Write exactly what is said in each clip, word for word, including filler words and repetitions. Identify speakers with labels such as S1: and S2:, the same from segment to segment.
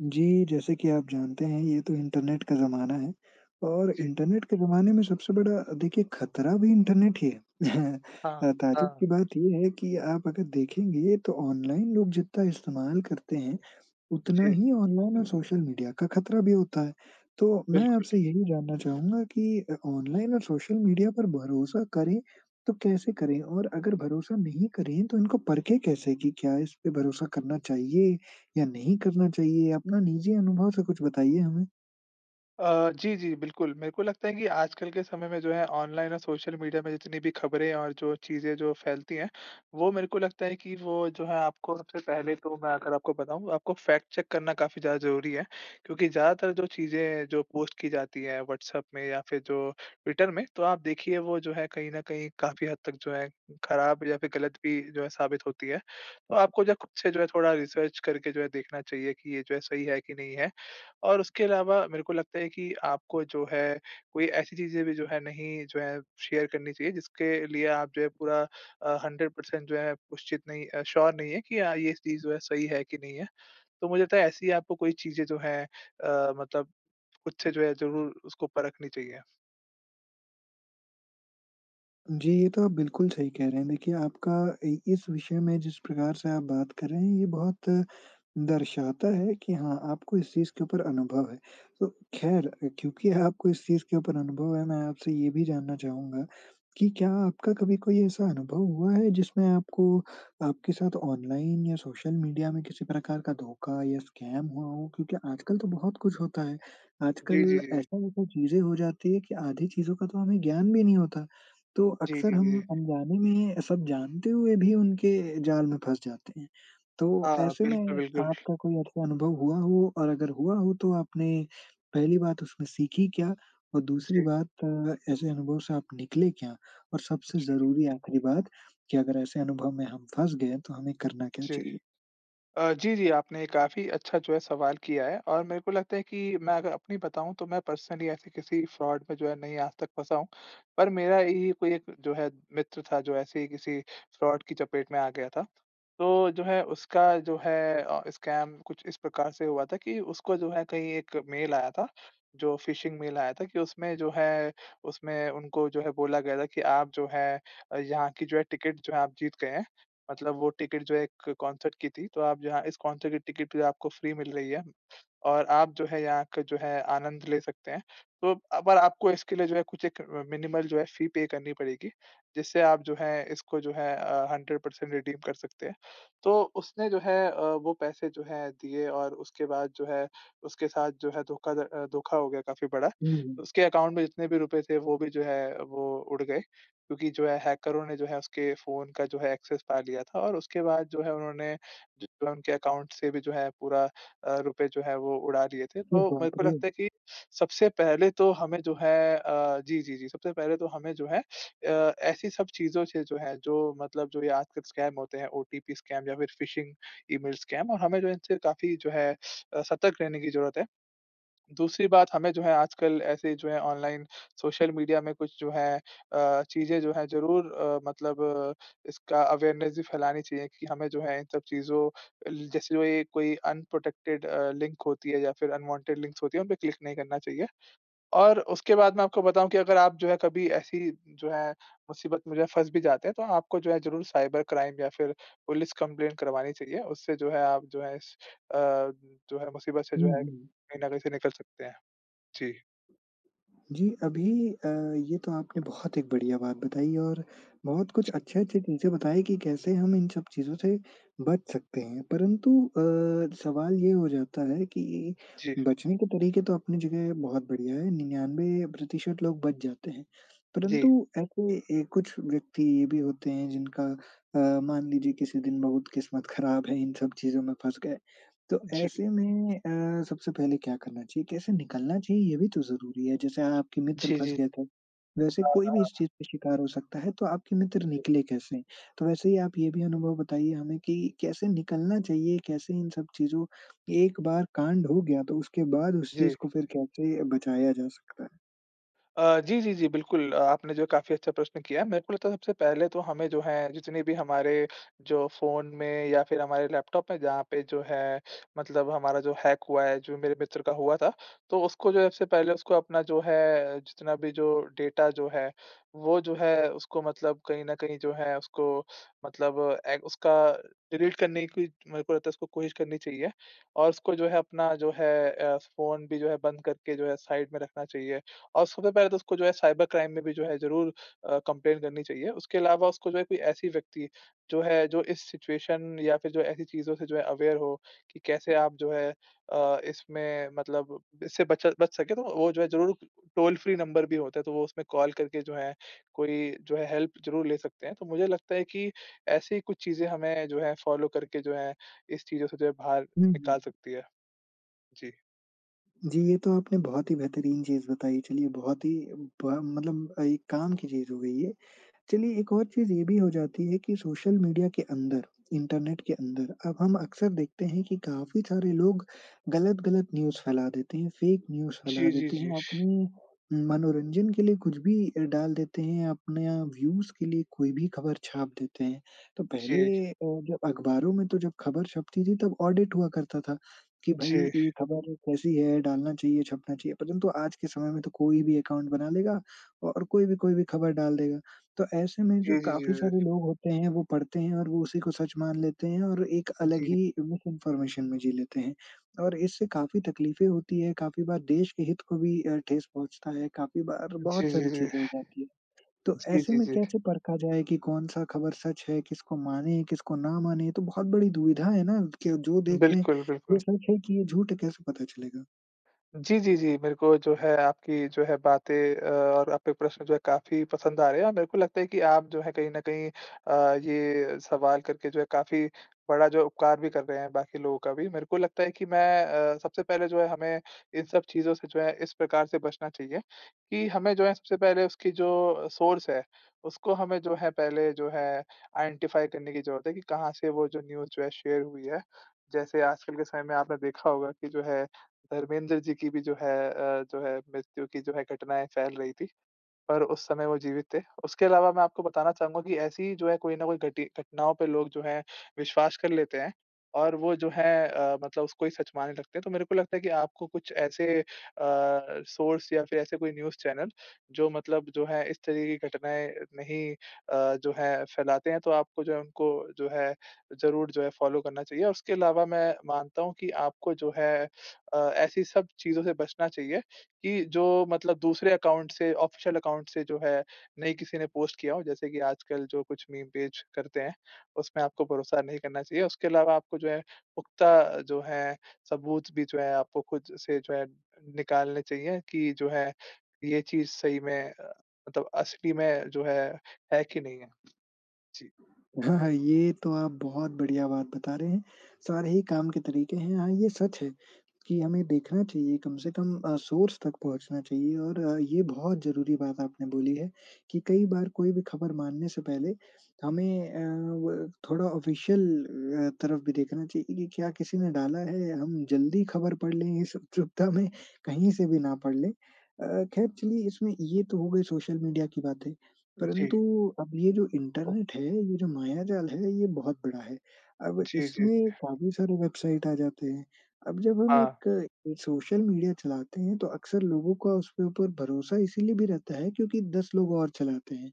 S1: जी। जैसे कि आप जानते हैं ये तो इंटरनेट का ज़माना है और
S2: जी।
S1: इंटरनेट के ज़माने में सबसे बड़ा अ, देखिए ख़तरा भी इंटरनेट ही है।
S2: हाँ।
S1: अ, ताजुब
S2: हाँ।
S1: की बात ये है कि आप अगर देखेंगे तो ऑनलाइन लोग जितना इस्तेमाल करते हैं उतना
S2: जी।
S1: ही ऑनलाइन और सोशल मीडिया का ख़तरा भी होता है। तो मैं
S2: बिल्कुल।
S1: आपसे यही जानना चाहूँगा कि अ, ऑनलाइन और सोशल मीडिया पर भरोसा करें तो कैसे करें और अगर भरोसा नहीं करें तो इनको परखें कैसे कि क्या इस पे भरोसा करना चाहिए या नहीं करना चाहिए? अपना निज़ी अनुभव से कुछ बताइए हमें।
S2: अ, जी, जी। बिल्कुल। मेरे को लगता है कि आजकल के समय में जो है ऑनलाइन और सोशल मीडिया में जितनी भी ख़बरें और जो चीज़ें जो फ़ैलती हैं वो मेरे को लगता है कि वो जो है आपको सबसे पहले तो मैं अगर आपको बताऊँ आपको फ़ैक्ट चेक करना काफ़ी ज़्यादा ज़रूरी है। क्योंकि ज़्यादातर जो चीज़ें जो पोस्ट की जाती है व्हाट्सऐप में या फ़िर जो ट्विटर में तो आप देखिए वो जो है कहीं न कहीं काफ़ी हद तक जो है ख़राब या फ़िर गलत भी जो है साबित होती है। तो आपको जो है खुद से जो है थोड़ा रिसर्च करके जो है देखना चाहिए कि ये जो है सही है कि नहीं है और उसके अलावा मेरे को लगता है कि आपको जो है कोई ऐसी चीज़ें भी जो है नहीं जो है शेयर करनी चाहिए जिसके लिए आप जो है पूरा अ, हंड्रेड पर्सेंट जो है उशचित नहीं अ श्योर नहीं है कि हाँ ये चीज़ जो है सही है कि नहीं है। तो मुझे लगता है ऐसी आपको कोई चीज़ें जो हैं अ, मतलब खुद से जो है ज़रूर उसको परखनी चाहिए।
S1: जी। ये तो आप बिल्कुल सही कह रहे हैं। देखिए आपका इ इस विषय में जिस प्रकार से आप बात कर रहे हैं, ये बहुत दर्शाता है कि हाँ, आपको इस चीज़ के ऊपर अनुभव है। तो ख़ैर अ, क्योंकि आपको इस चीज़ के ऊपर अनुभव है, मैं आपसे ये भी जानना चाहूँगा कि क्या आपका कभी कोई ऐसा अनुभव हुआ है जिसमें आपको आपके साथ ऑनलाइन या सोशल मीडिया में किसी प्रकार का धोखा या स्कैम हुआ हो, क्योंकि आजकल तो बहुत कुछ होता है?
S2: जी, जी,
S1: आजकल
S2: जी, जी।
S1: ऐसा-वैसा चीज़ें हो जाती हैं कि आधी चीज़ों का तो हमें ज्ञान भी नहीं होता। तो
S2: जी, जी,
S1: अक्सर
S2: जी,
S1: हम
S2: जी।
S1: अनजाने में सब जानते हुए भी उनके जाल में फँस जाते हैं। तो
S2: हाँ।
S1: ऐसे में
S2: बिल्कुल, बिल्कुल।
S1: आपका कोई ऐसा अनुभव हुआ हो और अगर हुआ हो तो आपने पहली बात, उसमें सीखी क्या, और दूसरी
S2: जी।
S1: बात अ, ऐसे अनुभव से आप निकले क्या? और सबसे
S2: जी।
S1: ज़रूरी आख़िरी बात, कि अगर ऐसे अनुभव में हम फँस गए तो हमें करना क्या
S2: जी।
S1: चाहिए?
S2: अ, जी, जी। आपने काफ़ी अच्छा जो है सवाल किया है, और मेरे को लगता है कि मैं अगर अपनी बताऊँ, तो मैं पर्सनली ऐसे किसी फ्रॉड में जो है नहीं आज तक फँसा हूँ। पर मेरा यही कोई एक जो है मित्र था जो ऐसे ही किसी फ्रॉड की चपेट में आ गया था। तो जो है उसका जो है अ, स्कैम कुछ इस प्रकार से हुआ था कि उसको जो है कहीं एक मेल आया था, जो फिशिंग मेल आया था कि उसमें जो है उसमें उनको जो है बोला गया था कि, "आप जो है यहाँ की जो है, टिकट जो है आप जीत गए हैं। मतलब वो टिकट जो है एक कंसर्ट की थी, तो आप यहाँ इस कंसर्ट की टिकट आपको फ्री मिल रही है, और आप जो है यहाँ का जो है आनंद ले सकते हैं। तो अब पर आपको इसके लिए जो है कुछ एक अ, मिनिमल जो है फ़ी पे करनी पड़ेगी, जिससे आप जो है इसको जो है अ, हंड्रेड पर्सेंट रिडीम कर सकते हैं।" तो उसने जो है अ, वो पैसे जो हैं दिए और उसके बाद जो है उसके साथ जो है धोखाध अ, धोखा हो गया काफ़ी बड़ा।
S1: हुँ, हुँ।
S2: उसके अकाउंट में जितने भी रूपए थे, वो भी जो है वो उड़ गए, क्योंकि जो है हैकरों ने जो है उसके फ़ोन का जो है एक्सेस पा लिया था। और उसके बाद जो है उन्होंने जितना उनके अकाउंट से भी जो है पूरा अ, रुपए जो है वो उड़ा लिए थे।
S1: अ,
S2: तो मेरे
S1: बाप
S2: को
S1: रे!
S2: लगता है कि सबसे पहले तो हमें जो है अ, जी, जी, जी। सबसे पहले तो हमें जो है अ, ऐसी सब चीज़ों से जो है जो मतलब जो ये आजकल स्कैम होते हैं, ओटीपी स्कैम या फिर फिशिंग ईमेल स्कैम, और हमें जो इनसे काफ़ी जो है अ, सतर्क रहने की ज़रूरत है। दूसरी बात हमें जो है आजकल ऐसे जो है ऑनलाइन सोशल मीडिया में कुछ जो है अ, चीज़ें जो हैं, ज़रूर अ, मतलब इसका अवेयरनेस भी फैलानी चाहिए कि हमें जो है इन सब चीज़ों अल जैसे जो एक कोई अनप्रोटेक्टेड अ, लिंक होती है या फिर अनवांटेड लिंक्स होती हैं, उन पे क्लिक नहीं करना चाहिए। और उसके बाद मैं आपको बताऊँ कि अगर आप जो है कभी ऐसी जो है मुसीबत में जो है फँस भी जाते हैं, तो आपको जो है ज़रूर साइबर क्राइम या फिर पुलिस कंप्लेन करवानी चाहिए। उससे जो है आप जो है इस अ, जो है मुसीबत से
S1: उ, हुँ,
S2: जो है
S1: हुँ।
S2: कहीं न कहीं से निकल सकते हैं। जी।
S1: जी। अभी अ, ये तो आपने बहुत एक बढ़िया बात बताई, और बहुत कुछ
S2: जी।
S1: अच्छे-अच्छे चीज़ें बताई कि कैसे हम इन सब चीज़ों से बच सकते हैं। परंतु अ, सवाल ये हो जाता है कि
S2: जी।
S1: बचने के तरीके तो अपनी जगह बहुत बढ़िया हैं, निन्यानवे प्रतिशत लोग बच जाते हैं,
S2: जी।
S1: परंतु ऐसे ए कुछ व्यक्ति ये भी होते हैं जिनका अ, मान लीजिए किसी दिन बहुत किस्मत ख़राब है, इन सब चीज़ों में फँस गए, तो
S2: जी।
S1: ऐसे में अ, सबसे पहले क्या करना चाहिए? कैसे निकलना चाहिए, ये भी तो ज़रूरी है। जैसे आ आपके मित्र
S2: जी,
S1: फँस
S2: जी।
S1: गए थे, वैसे
S2: हाँ,
S1: कोई भी
S2: हाँ।
S1: इस चीज़ का शिकार हो सकता है, तो आपके मित्र
S2: जी।
S1: निकले कैसे? तो वैसे ही आप ये भी अनुभव बताइए हमें कि कैसे निकलना चाहिए, कैसे इन सब चीज़ों एक बार कांड हो गया, तो उसके बाद उस
S2: जी।
S1: चीज़ को फिर कैसे बचाया जा सकता है?
S2: अ, जी, जी, जी। बिल्कुल। अ, आपने जो काफ़ी अच्छा प्रश्न किया, मेरे को लगता है सबसे पहले तो हमें जो है, जितने भी हमारे जो फ़ोन में या फिर हमारे लैपटॉप में जहाँ पे जो है, मतलब हमारा जो हैक हुआ है, जो मेरे मित्र का हुआ था, तो उसको जो है सबसे पहले उसको अपना जो है, जितना भी जो डेटा जो है, वो जो है उसको मतलब कहीं न कहीं जो है उसको मतलब ए, उसका डिलीट करने की मेरे को लगता है उसको कोशिश करनी चाहिए। और उसको जो है, अपना जो है अ, फ़ोन भी जो है बंद करके जो है साइड में रखना चाहिए। और सबसे पहले तो उसको जो है साइबर क्राइम में भी जो है ज़रूर अ, कंप्लेंन करनी चाहिए। उसके अलावा उसको जो है कोई ऐसी व्यक्ति, जो है, जो इस सिचुएशन या फिर जो ऐसी चीज़ों से जो है अवेयर हो कि कैसे आप जो हैं अ, इसमें मतलब इससे बच बच सकें। तो वो जो है ज़रूर टोल-फ्री नंबर भी होता है, तो वो उसमें कॉल करके जो है, कोई जो है हेल्प ज़रूर ले सकते हैं। तो, मुझे लगता है कि ऐसी कुछ चीज़ें हमें जो हैं, फ़ॉलो करके जो हैं, इस चीज़ों से जो हैं, बाहर
S1: हुँ,
S2: निकाल
S1: हुँ।
S2: सकती है। जी।
S1: जी। ये तो आपने बहुत ही बेहतरीन चीज़ बताई चलिए, बहुत ही ब मतलब एक काम की चीज़ हो गई ये चलिए, एक और चीज़ ये भी हो जाती है कि सोशल मीडिया के अंदर, इंटरनेट के अंदर, अब हम अक्सर देखते हैं कि काफ़ी सारे लोग गलत-गलत न्यूज़ फैला देते हैं, फ़ेक न्यूज़ फैला
S2: जी, जी,
S1: देते
S2: जी।
S1: हैं, अपनी मनोरंजन के लिए कुछ भी अ, डाल देते हैं या अपने या व्यूज़ के लिए कोई भी ख़बर छाप देते हैं। तो पहले
S2: जी।
S1: अ, जब अख़बारों में तो जब ख़बर छपती थी, तब ऑडिट हुआ करता था, कि भाई
S2: जी।
S1: ये ख़बर कैसी है? डालना चाहिए? छपना चाहिए? परंतु आज के समय में तो कोई भी अकाउंट बना लेगा औ और कोई भी कोई भी ख़बर डाल देगा। तो ऐसे में जो
S2: जी, जी, जी,
S1: काफ़ी सारे
S2: जी।
S1: लोग होते हैं, वो पढ़ते हैं और वो उसी को सच मान लेते हैं और एक अलग
S2: जी।
S1: ही मिसइन्फ़ॉर्मेशन में जी लेते हैं। और इससे काफ़ी तकलीफ़ें होती हैं, काफ़ी बार देश के हित को भी अ, ठेस पहुँचता है, काफ़ी बार
S2: जी,
S1: बहुत
S2: जी,
S1: सारी
S2: जी।
S1: चीज़ें हो जाती है। तो,
S2: जी,
S1: ऐसे
S2: जी,
S1: में
S2: जी।
S1: कैसे परखा जाए कि कौन-सा ख़बर सच है, किसको मानें, किसको ना मानें, तो बहुत बड़ी दुविधा है ना? कि जो देख रहे हैं,
S2: बिल्कुल,
S1: ये
S2: बिल्कुल।
S1: सच है कि ये झूठ कैसे पता चलेगा?
S2: जी, जी, जी। मेरे को जो है, आपकी जो है बातें और आपके प्रश्न जो है काफ़ी पसंद आ रहे हैं और मेरे को लगता है कि आप जो हैं, कहीं न कहीं अ, ये सवाल करके जो है, काफ़ी बड़ा जो उपकार भी कर रहे हैं बाकी लोगों का भी। मेरे को लगता है कि मैं अ, सबसे पहले जो है हमें इन सब चीज़ों से जो है, इस प्रकार से बचना चाहिए कि हमें जो है, सबसे पहले उसकी जो सोर्स है, उसको हमें जो है पहले जो है, आइडेंटिफ़ाइ करने की ज़रूरत है कि कहाँ से वो जो न्यूज़ जो है शेयर हुई है। जैसे आजकल के समय में आपने देखा होगा कि जो है, धर्मेंद्र जी की भी जो है अ, जो है मृत्यु की जो है, घटनाएँ फैल रही थीं और उस समय वो जीवित थे। उसके अलावा मैं आपको बताना चाहूँगा कि ऐसी जो है, कोई ना कोई घटि घटनाओं पे लोग जो हैं विश्वास कर लेते हैं और वो जो हैं अ, मतलब उसको ही सच मानने लगते हैं। तो मेरे को लगता है कि आपको कुछ ऐसे अ, सोर्स या फिर ऐसे कोई न्यूज़ चैनल, जो मतलब जो हैं इस तरह की घटनाएँ नहीं अ, जो हैं फैलाते हैं, तो आपको जो है, उनको जो है, ज़रूर जो है फ़ॉलो करना चाहिए। उसके अलावा मैं मानता हूँ कि आपको जो है अ, ऐसी सब चीज़ों से बचना चाहिए कि जो मतलब दूसरे अकाउंट से ऑफ़िशियल अकाउंट से जो है नहीं किसी ने पोस्ट किया हो। जैसे कि आजकल जो कुछ मीम पेज करते हैं, उसमें आपको भरोसा नहीं करना चाहिए, उसके अलावा आपको जो हैं, पुख़्ता जो हैं, सबूत भी जो हैं आपको खुद से जो हैं निकालने चाहिए कि जो हैं ये चीज़ सही में अ, मतलब असली में जो है, है कि नहीं है। जी।
S1: हाँ, हाँ। ये तो आप बहुत बढ़िया बात बता रहे हैं, सारे ही काम के तरीके हैं। हाँ, ये सच है कि हमें देखना चाहिए, कम से कम अ, सोर्स तक पहुँचना चाहिए। और ये बहुत ज़रूरी बात आपने बोली है, कि कई बार कोई भी ख़बर मानने से पहले हमें अ, व थोड़ा ऑफ़िशियल अ, तरफ भी देखना चाहिए कि, क्या किसी ने डाला है या हम जल्दी ख़बर पढ़ लें इस उचुक्ता में, कहीं से भी ना पढ़ लें। अ, ख़ैर चलिए इसमें ये तो हो गई सोशल मीडिया की बातें
S2: जी।
S1: परंतु, अब ये जो इंटरनेट है, ये जो मायाजाल है, ये बहुत बड़ा है। अब
S2: जी, जी।
S1: इसमें काफ़ी सारे वेबसाइट आ जाते हैं, अब जब हम
S2: हाँ।
S1: एक एक सोशल मीडिया चलाते हैं, तो अक्सर लोगों का उसके ऊपर भरोसा इसलिए भी रहता है, क्योंकि दस लोग और चलाते हैं,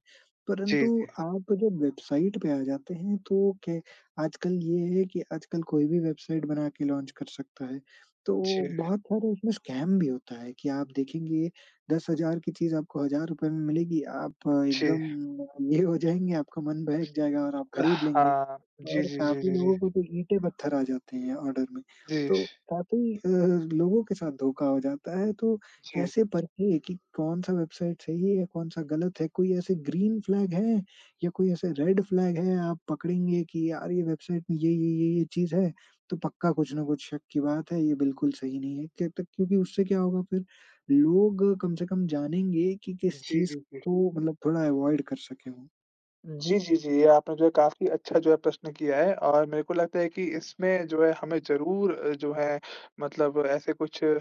S2: जी,
S1: परंतु
S2: जी।
S1: आप जब वेबसाइट पे आ जाते हैं, तो क्या है आजकल ये है कि आजकल कोई भी वेबसाइट बना के लॉन्च कर सकता है। तो
S2: जी।
S1: बहुत सारे उसमें स्कैम भी होता है, कि आप देखेंगे दस हज़ार की चीज़ आपको हज़ार रुपए में मिलेगी। आप
S2: जी।
S1: एकदम अ, ये हो जाएँगे, आपका मन बहक जाएगा और आप खरीद लेंगे।
S2: हाँ। जी,
S1: और
S2: जी, जी,
S1: काफ़ी
S2: जी, जी।
S1: लोगों को तो ईंटें पत्थर आ जाते हैं, ऑर्डर में,
S2: जी।
S1: तो काफ़ी अ, लोगों के साथ धोखा हो जाता है। तो,
S2: जी।
S1: कैसे परखें कि कौन-सा वेबसाइट सही है या कौन-सा गलत है? कोई ऐसे ग्रीन फ्लैग हैं या कोई ऐसे रेड फ्लैग हैं, आप पकड़ेंगे कि यार ये वेबसाइट में ये-ये ये-ये चीज़ है, तो पक्का कुछ न कुछ शक की बात है, ये बिल्कुल सही नहीं है। कैत क्योंकि उससे क्या होगा फिर, लोग कम से कम जानेंगे कि किस
S2: जी,
S1: चीज़
S2: जी, जी।
S1: को मतलब थोड़ा अवॉइड कर सकें वो।
S2: जी, जी, जी। ये आपने जो है काफ़ी अच्छा जो है प्रश्न किया है और मेरे को लगता है कि इसमें जो है हमें ज़रूर जो है मतलब ऐसे कुछ अ,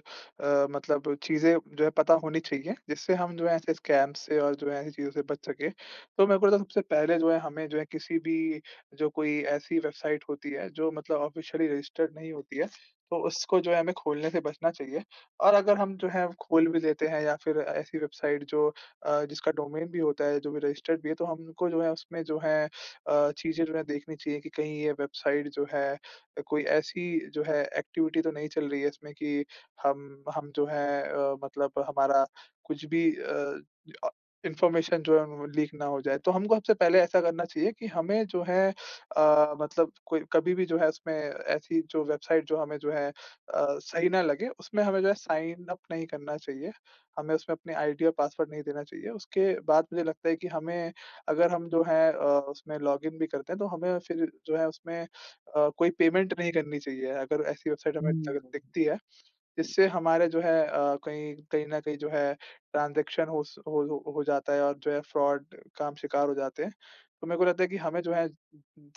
S2: मतलब चीज़ें जो है पता होनी चाहिए जिससे हम जो है ऐसे स्कैम से और जो है ऐसी चीज़ों से बच सके। तो मेरे को सबसे पहले जो है हमें जो है किसी भी जो कोई ऐसी वेबसाइट होती है जो मतलब ऑफ़िशियली रज़िस्टर्ड नहीं होती है तो उसको जो है हमें खोलने से बचना चाहिए। और अगर हम जो है खोल भी देते हैं या फ़िर ऐसी वेबसाइट जो अ, जिसका डोमेन भी होता है, जो भी रज़िस्टर्ड भी है तो हमको जो है उसमें जो है अ, चीज़ें जो है देखनी चाहिए कि कहीं ये वेबसाइट जो है अ, कोई ऐसी जो है एक्टिविटी तो नहीं चल रही है इसमें कि हम हम जो है अ, मतलब हमारा कुछ भी अ अ, इन्फ़ॉर्मेशन जो है व वो लीक ना हो जाए। तो हमको हबसे पहले ऐसा करना चाहिए की हमें जो है अ, मतलब कोई कभी भी जो है उसमें ऐसी जो वेबसाइट जो हमें जो है अ, सही ना लगे उसमें हमें जो है साइन अप नहीं करना चाहिए। हमें उसमें अपने आईडी और पासवर्ड नहीं देना चाहिए। उसके बाद मुझे लगता है कि हमें अगर हम जो है अ, उसमें लॉगिन भी करते हैं तो हमें फ़िर जो है उसमें अ, कोई पेमेंट नहीं करनी चाहिए। अगर ऐसी वेबसाइट हमें दग
S1: हुँ।
S2: दिखती है। इससे हमारे जो है अ, कहीं कहीं न कहीं जो है ट्रांज़ेक्शन हो स होल हो जाता है और जो है फ्रॉड का आप शिकार हो जाते हैं। तो मेरे को लगता है कि हमें जो है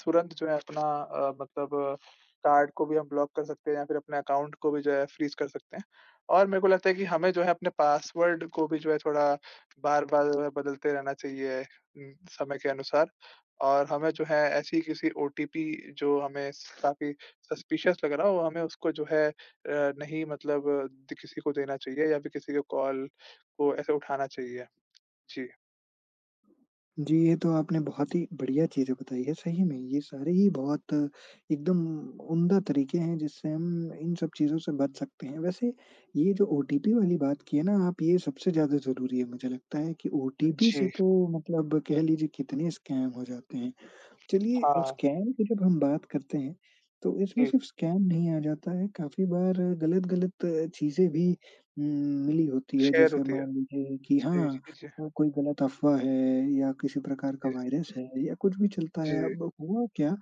S2: तुरंत जो है अपना अ, मतलब कार्ड को भी हम ब्लॉक कर सकते हैं या फ़िर अपने अकाउंट को भी जो है फ्रीज कर सकते हैं। और मेरे को लगता है कि हमें जो है अपने पासवर्ड को भी जो है थोड़ा बार-बार मतलब बदलते रहना चाहिए कि समय के अनुसार। और हमें जो है ऐसी किसी ओटीपी जो हमें स काफ़ी सस्पिशियस लग रहा हो वो हमें उसको जो है अ, नहीं मतलब द किसी को देना चाहिए या फ़िर किसी के कॉल को ऐसे उठाना चाहिए। जी।
S1: जी, ये तो आपने बहुत ही बढ़िया चीज़ें बताई है, सही में, ये सारे ही बहुत एकदम उम्दा तरीके हैं जिससे हम इन सब चीज़ों से बच सकते हैं। वैसे, ये जो ओटीपी वाली बात की है ना आप ये सबसे ज़्यादा ज़रूरी है, मुझे लगता है कि ओटीपी से
S2: जी।
S1: तो मतलब कह लीजिए कितने स्कैम हो जाते हैं। चलिए अ,
S2: हाँ।
S1: स्कैम की जब हम बात करते हैं, तो इसमें
S2: जी।
S1: सिर्फ़ स्कैम नहीं आ जाता है, काफ़ी बार गलत-गलत चीज़ें भी उम, मिली होती है।
S2: शेयर
S1: जैसे
S2: होती है।
S1: मान लीजिए कि
S2: जी,
S1: हाँ
S2: जी, जी।
S1: अ, कोई गलत अफ़वाह है या किसी प्रकार का
S2: जी।
S1: वायरस है या कुछ भी चलता है,
S2: जी।
S1: अब हुआ क्या?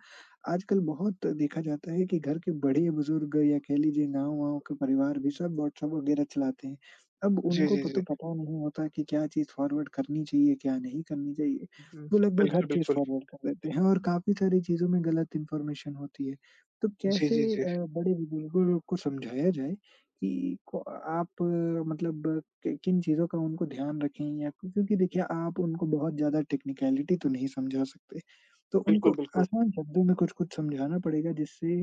S1: आजकल बहुत देखा जाता है कि घर के बड़े बुज़ुर्ग या कह लीजिए गाँव-वाँव के परिवार भी सब व्हाट्सऐप वगैरह चलाते हैं, अब
S2: जी,
S1: उनको
S2: जी,
S1: पो
S2: जी।
S1: तो पता नहीं होता कि क्या चीज़ फॉरवर्ड करनी चाहिए, क्या नहीं करनी चाहिए?
S2: उहुँ।
S1: वो लगभग हर
S2: बिल्कुल,
S1: चीज़
S2: बिल्कुल।
S1: फॉरवर्ड कर देते हैं और काफ़ी सारी चीज़ों में गलत इन्फ़ॉर्मेशन होती है। तो
S2: जी,
S1: कैसे
S2: जी, जी।
S1: अ, बड़े बुजुर्गों लोग को समझाया जाए, कि क अ, आप मतलब कि किन चीज़ों का उनको ध्यान रखें या क्यों क्योंकि देखिए आप उनको बहुत ज़्यादा टेक्निकैलिटी तो नहीं समझा सकते। तो
S2: बिल्कुल,
S1: उनको
S2: बिल्कुल।
S1: आसान शब्दों में कुछ-कुछ समझाना पड़ेगा जिससे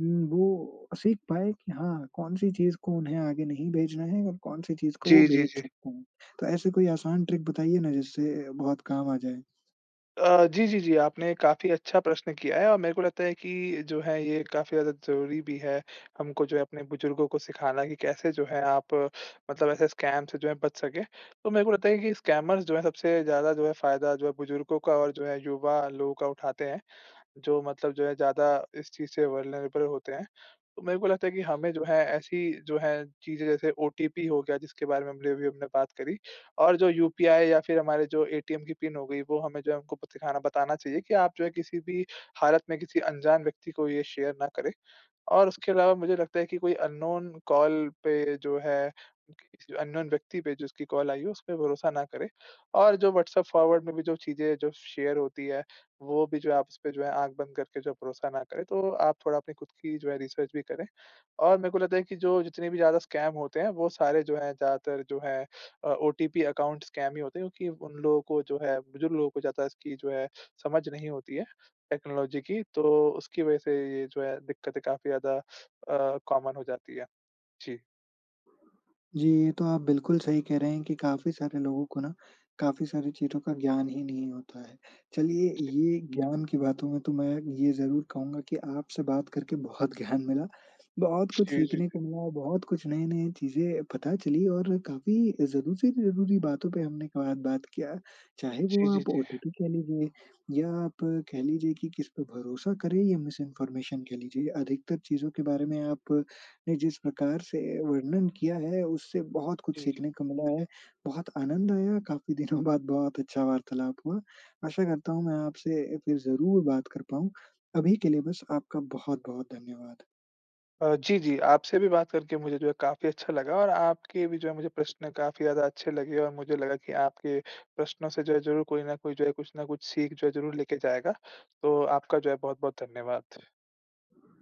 S1: उम, वो सीख पाएँ कि हाँ, कौन-सी चीज़ को उन्हें आगे नहीं भेजना है और कौन-सी चीज़ को वो
S2: जी, जी,
S1: भेज
S2: जी।
S1: सकते हैं। तो ऐसे कोई आसान ट्रिक बताइए ना, जिससे अ, बहुत काम आ जाए?
S2: अ, जी, जी, जी। आपने काफ़ी अच्छा प्रश्न किया है। और मेरे को लगता है कि जो है ये काफ़ी ज़्यादा ज़रूरी भी है, हमको जो है अपने बुजुर्गों को सिखाना कि कैसे जो है आप मतलब ऐसे स्कैम से जो है बच सकें। तो मेरे को लगता है कि स्कैमर्स जो हैं सबसे ज़्यादा जो है फ़ायदा जो है बुजुर्गों का और जो है युवा लोगों का उठाते हैं जो मतलब जो है ज़्यादा इस चीज़ से वल्नरेबल होते हैं। तो मेरे को लगता है कि हमें जो है ऐसी जो है चीज़ें जैसे ओटीपी हो गया जिसके बारे में हमने अभी हमने बात करी, और जो यूपीआई या फिर हमारे जो एटीएम की पिन हो गयी वो हमें जो है उनको बत दिखाना बताना चाहिए कि आप जो है किसी भी हालत में किसी अनजान व्यक्ति को ये शेयर ना करें। और उसके अलावा मुझे लगता है कि कोई अन्नोन कॉल पे जो है [unintelligible] अन्नोन व्यक्ति पे जिसकी कॉल आयी है उसपे भरोसा ना करे और जो व्हाट्सएप फॉरवर्ड में भी जो चीज़ें जो शेयर होती है वो भी जो है आप उसपे जो है आँख बंद करके जो भरोसा ना करे, तो आप थोड़ा अपनी खुद की जो है रिसर्च भी करें। और मेरे को लगता है कि जो जितने भी ज़्यादा स्कैम होते हैं वो सारे जो हैं ज़्यादातर जो है अ, ओटीपी अकाउंट स्कैम ही होते हैं क्योंकि उन लोगों को जो है बुजुर्ग लोगों को ज़्यादा इसकी जो है समझ नहीं होती है टेक्नोलॉजी की, तो उसकी वज़ह से ये जो है दिक्क़तें काफ़ी ज़्यादा अ, कॉमन हो जाती हैं। जी।
S1: जी। ये तो आप बिल्कुल सही कह रहें हैं कि काफ़ी सारे लोगों को ना, काफ़ी सारी चीज़ों का ज्ञान ही नहीं होता है। चलिए
S2: जी।
S1: ये ज्ञान की बातों में तो मैं ये ज़रूर कहूँगा कि आपसे बात करके बहुत ज्ञान मिला। बहुत कुछ
S2: जी, जी,
S1: सीखने
S2: जी।
S1: को मिला बहुत कुछ नए-नए चीज़ें पता चली और काफ़ी ज़रूरी-ज़रूरी बातों पे हमने क बात किया चाहे वो
S2: जी, जी,
S1: आप
S2: जी।
S1: ओटीपी कह लीजिए या आप कह लीजिए कि किस पे भरोसा करें या मिसइन्फॉर्मेशन कह लीजिए अधिकतर चीज़ों के बारे में आप ने जिस प्रकार से वर्णन किया है उससे बहुत कुछ
S2: जी, जी।
S1: सीखने को मिला है। बहुत आनंद आया काफ़ी दिनों बाद बहुत अच्छा वार्तालाप हुआ आशा करता हूँ मैं आपसे ए फिर ज़रूर बात कर पाऊँ अभी के लिए बस आपका बहुत-बहुत धन्यवाद।
S2: अ, जी, जी। आपसे भी बात करके मुझे जो है काफ़ी अच्छा लगा, और आपके भी जो हैं मुझे प्रश्न काफ़ी ज़्यादा अच्छे लगे, और मुझे लगा की आपके प्रश्नों से जो है ज़रूर कोई न कोई जो है कुछ न कुछ सीख जो है ज़रूर लेके जाएगा। तो आपका जो है बहुत-बहुत धन्यवाद।